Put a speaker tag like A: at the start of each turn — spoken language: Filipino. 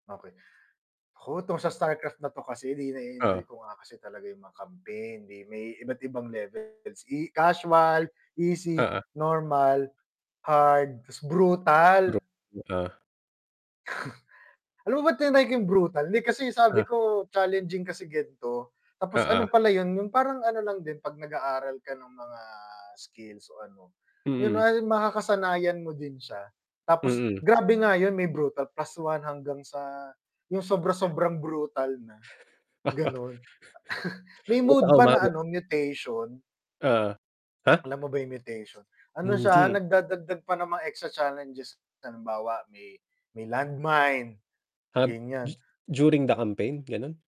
A: Okey oh, 'tong sa Starcraft na 'to kasi di
B: Oh.
A: na-e-enjoy ko nga kasi talaga yung mga campaign di may iba't ibang levels i casual, easy,
B: Oo.
A: normal, hard, brutal.
B: [unintelligible] Ah.
A: Alam mo ba tinry ko yung brutal hindi kasi sabi
B: Ah.
A: ko challenging kasi gan'to tapos
B: Oo.
A: ano pala yun, yung parang ano lang din 'pag nag-aaral ka ng mga skills o ano, yun
B: Mm.
A: nga makakasanayan mo din siya, tapos
B: Mm.
A: grabe nga yun may brutal plus 1 hanggang sa yung sobra-sobrang brutal na, gano'n. May
B: Kahit
A: mode
B: ako
A: pa na
B: umabot.
A: ano mutation.
B: Oh, ha?
A: Alam mo ba yung mutation, ano siya
B: Hindi.
A: nagdadagdag pa ng mga extra challenges halimbawa may may land mine
B: Ah, du
A: ganyan.
B: during the campaign ganun.